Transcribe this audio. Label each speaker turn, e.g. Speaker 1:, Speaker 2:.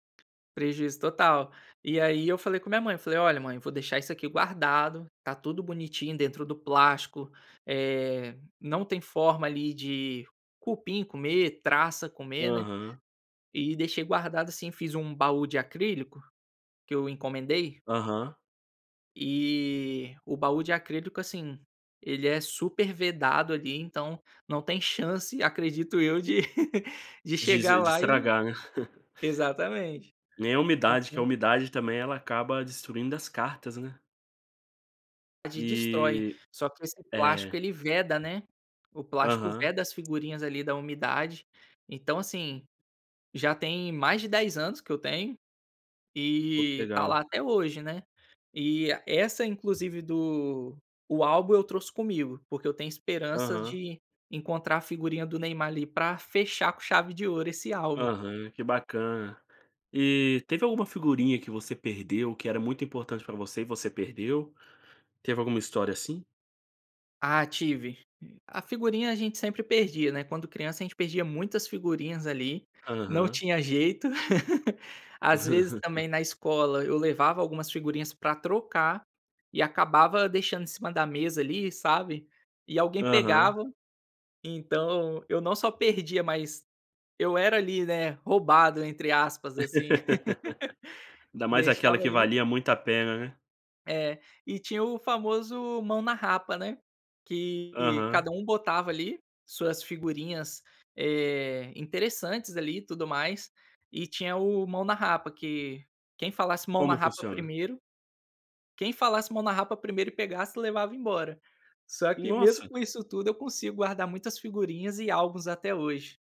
Speaker 1: Prejuízo total. E aí eu falei com a minha mãe, falei: "Olha mãe, vou deixar isso aqui guardado, tá tudo bonitinho, dentro do plástico, eh, não tem forma ali de cupim comer, traça comer, né".
Speaker 2: Aham.
Speaker 1: E deixei guardado assim, fiz um baú de acrílico, que eu encomendei
Speaker 2: Aham.
Speaker 1: eh, o baú de acrílico, assim, ele é super vedado ali, então, não tem chance, acredito eu de de
Speaker 2: De es
Speaker 1: chegar
Speaker 2: de
Speaker 1: lá e
Speaker 2: estragar, né.
Speaker 1: exatamente.
Speaker 2: Nem a
Speaker 1: E
Speaker 2: umidade, que a
Speaker 1: com
Speaker 2: umidade, também, ela acaba destruindo as cartas, né.
Speaker 1: De destrói,
Speaker 2: Eh,
Speaker 1: só que esse plástico
Speaker 2: é.
Speaker 1: ele veda, né. O plástico
Speaker 2: Aham.
Speaker 1: veda as figurinhas ali, da umidade. Então, assim, já tem mais de 10 anos que eu tenho,
Speaker 2: Pô, que
Speaker 1: e tá lá,
Speaker 2: legal.
Speaker 1: até hoje, né, eh, é essa inclusive do o álbum eu trouxe comigo, porque eu tenho esperança
Speaker 2: Aham.
Speaker 1: de, encontrar a figurinha do Neymar ali, para fechar com chave de ouro esse álbum.
Speaker 2: Aham, que bacana. Eh, teve alguma figurinha que você perdeu, que era muito importante para você, e você perdeu? Teve alguma história assim?
Speaker 1: Ah, tive. A figurinha a gente sempre perdia, né, quando criança a gente perdia muitas figurinhas ali, não
Speaker 2: Aham.
Speaker 1: tinha jeito. Às vezes também, na escola eu levava algumas figurinhas para trocar, e acabava deixando em cima da mesa ali, sabe. E alguém
Speaker 2: Aham.
Speaker 1: pegava. Então, eu não só perdia mas, eu era ali, né, "roubado", entre aspas assim.
Speaker 2: Ainda mais aquela
Speaker 1: Deixava
Speaker 2: que
Speaker 1: ali
Speaker 2: valia muito a pena, né.
Speaker 1: É. E tinha o famoso "Mão na Rapa", né, que cada
Speaker 2: Aham.
Speaker 1: um botava ali suas figurinhas, eh, interessantes ali e tudo mais. E tinha o "Mão na Rapa", que quem falasse "Mão na
Speaker 2: Como
Speaker 1: Rapa"
Speaker 2: funciona?
Speaker 1: 1º, quem falasse "Mão na Rapa" 1º e pegasse, levava embora. Só que, mesmo
Speaker 2: Nossa!
Speaker 1: com isso tudo, eu consigo guardar muitas figurinhas e álbuns até hoje.